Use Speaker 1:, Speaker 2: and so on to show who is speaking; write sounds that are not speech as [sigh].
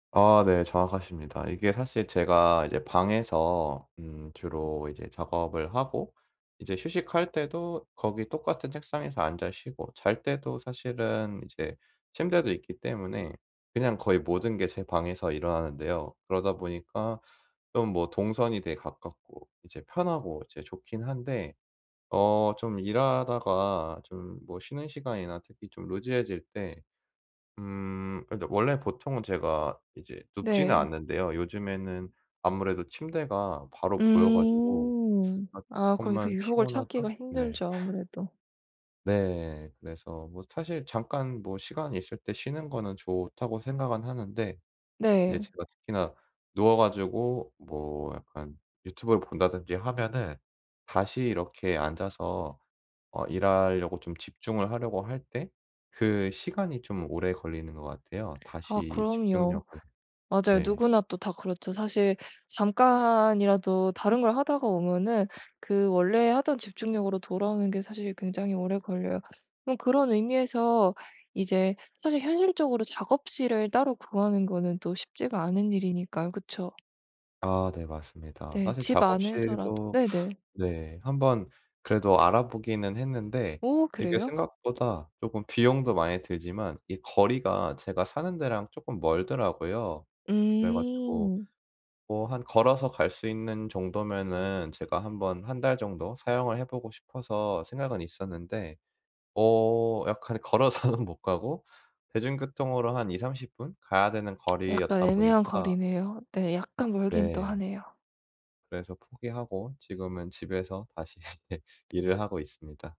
Speaker 1: 아 네. 정확하십니다. 이게 사실 제가 이제 방에서 음 주로 이제 작업을 하고 이제 휴식할 때도 거기 똑같은 책상에서 앉아 쉬고 잘 때도 사실은 이제 침대도 있기 때문에 그냥 거의 모든 게 제 방에서 일어나는데요. 그러다 보니까 좀 뭐 동선이 되게 가깝고 이제 편하고 이제 좋긴 한데 어 좀 일하다가 좀 뭐 쉬는 시간이나 특히 좀 루즈해질 때 음 근데 원래 보통은 제가 이제 눕지는
Speaker 2: 네.
Speaker 1: 않는데요. 요즘에는 아무래도 침대가 바로 보여 가지고
Speaker 2: 음.
Speaker 1: 아
Speaker 2: 아 그럼 그
Speaker 1: 조금만
Speaker 2: 유혹을
Speaker 1: 피곤하다?
Speaker 2: 참기가
Speaker 1: 네.
Speaker 2: 힘들죠
Speaker 1: [laughs]
Speaker 2: 아무래도.
Speaker 1: 네. 그래서 뭐 사실 '잠깐 뭐 시간이 있을 때 쉬는 거는 좋다.'고 생각은 하는데 이제
Speaker 2: 네.
Speaker 1: 제가 특히나 누워 가지고 뭐 약간 유튜브를 본다든지 하면은 다시 이렇게 앉아서 어 일하려고 좀 집중을 하려고 할 때 그 시간이 좀 오래 걸리는 것 같아요.
Speaker 2: 아
Speaker 1: 다시
Speaker 2: 그럼요.
Speaker 1: 집중력을
Speaker 2: 맞아요.
Speaker 1: 네.
Speaker 2: 누구나 또 다 그렇죠. 사실 잠깐이라도 다른 걸 하다가 오면은 그 원래 하던 집중력으로 돌아오는 게 사실 굉장히 오래 걸려요. 그럼 그런 의미에서 이제 사실 현실적으로 작업실을 따로 구하는 거는 또 쉽지가 않은 일이니까요, 그쵸?
Speaker 1: 아 네 맞습니다.
Speaker 2: 네
Speaker 1: 사실
Speaker 2: 집 안에서라도
Speaker 1: 작업실도 [sucks teeth]
Speaker 2: 네네.
Speaker 1: 네 1 번 그래도 알아보기는 했는데
Speaker 2: 오
Speaker 1: 이게
Speaker 2: 그래요?
Speaker 1: 생각보다 쪼금 비용도 많이 들지만 이 거리가 제가 사는데랑 쪼끔 멀더라고요. 그래 가지고
Speaker 2: 음.
Speaker 1: 뭐 한 걸어서 갈 수 있는 정도면은 제가 1 번 1 달 정도 사용을 해 보고 싶어서 생각은 있었는데 어 약간 걸어서는 못 가고 대중교통으로 한 2-30 분 가야 되는
Speaker 2: [smacks lips] 약간
Speaker 1: 거리였다
Speaker 2: 애매한
Speaker 1: 보니까
Speaker 2: 거리네요. 네 약간 멀긴 또
Speaker 1: 네.
Speaker 2: 하네요.
Speaker 1: 그래서 포기하고 지금은 집에서 다시 예 일을 하고 있습니다.